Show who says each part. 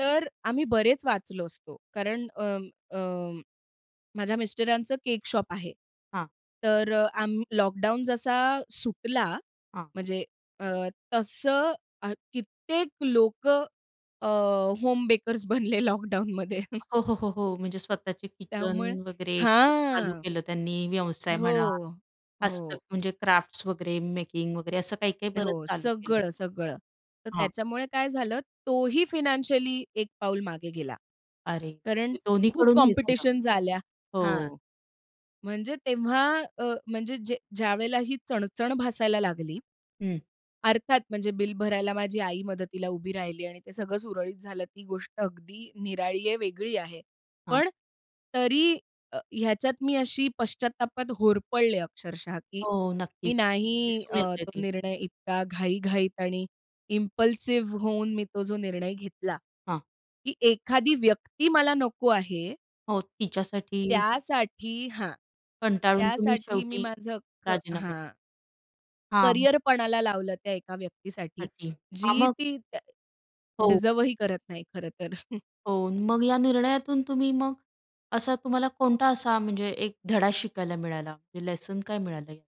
Speaker 1: तर आम्ही बरेच वाचलो असतो कारण अं, अं, माझ्या मिस्टरांचं केक शॉप आहे.
Speaker 2: हां.
Speaker 1: तर अ, आम्ह लॉकडाऊन जसा सुटला
Speaker 2: हां.
Speaker 1: म्हणजे अ, तसं अ, कित्येक लोकं अ, होम बेकर्स बनले लॉकडाऊनमध्ये.
Speaker 2: हो, हो, हो, हो. म्हणजे स्वतःची किचन
Speaker 1: त्यामुळे
Speaker 2: वगैरे किंवा चालू
Speaker 1: हां.
Speaker 2: केलं त्यांनी, व्यवसाय म्हणा
Speaker 1: हो,
Speaker 2: खास तर
Speaker 1: हो.
Speaker 2: म्हणजे क्राफ्ट्स वगैरे मेकिंग वगैरे असं काही-काही बरंच
Speaker 1: हो,
Speaker 2: चालू केलं.
Speaker 1: सगळं, सगळं. तर
Speaker 2: हां.
Speaker 1: त्याच्यामुळे काय झालं, तो ही फायनान्शियली एक पाऊल मागे गेला.
Speaker 2: अरे!
Speaker 1: कारण
Speaker 2: म्हणजे दोन्ही
Speaker 1: खूप
Speaker 2: कडून हे झालं.
Speaker 1: कॉम्पिटिशन झाल्या हां,
Speaker 2: हो.
Speaker 1: म्हणजे तेव्हा अ, म्हणजे जे ज्या ज्यावेळेला ही चणचण भासायला लागली.
Speaker 2: हं.
Speaker 1: अर्थात म्हणजे, बिल भरायला माझी आई मदतीला उभी राहिली आणि ते सगळं सुरळीत झालं. ती गोष्ट अगदी निराळी आहे, वेगळी आहे.
Speaker 2: हां.
Speaker 1: पण तरी अ, ह्याच्यात मी अशी पश्चात्तापात होरपळले अक्षरशः, की
Speaker 2: हो,
Speaker 1: मी
Speaker 2: नक्कीच
Speaker 1: नाही
Speaker 2: दिसून
Speaker 1: अ,
Speaker 2: येतंय
Speaker 1: तो
Speaker 2: ते.
Speaker 1: निर्णय इतका घाई-घाईत आणि इम्पल्सिव्ह होऊन मी तो जो निर्णय घेतला,
Speaker 2: हां.
Speaker 1: की एखादी व्यक्ती मला नको आहे.
Speaker 2: हो, तिच्यासाठी
Speaker 1: त्यासाठी हां,
Speaker 2: कंटाळून तुम्ही
Speaker 1: त्यासाठी मी
Speaker 2: शेवटी
Speaker 1: माझं अख्ख
Speaker 2: राजीनामा
Speaker 1: हां.
Speaker 2: दिला. हां.
Speaker 1: करिअर पणाला लावलं त्या एका व्यक्तीसाठी,
Speaker 2: [unintelligible] हां,
Speaker 1: जी
Speaker 2: मग?
Speaker 1: ती त्या
Speaker 2: हो.
Speaker 1: डिझर्व्ह ही करत नाही खरं तर.
Speaker 2: हो, मग या निर्णयातून तुम्ही मग असा तुम्हाला कोणता असा म्हणजे एक धडा शिकायला मिळाला, म्हणजे लेसन काय मिळालंय?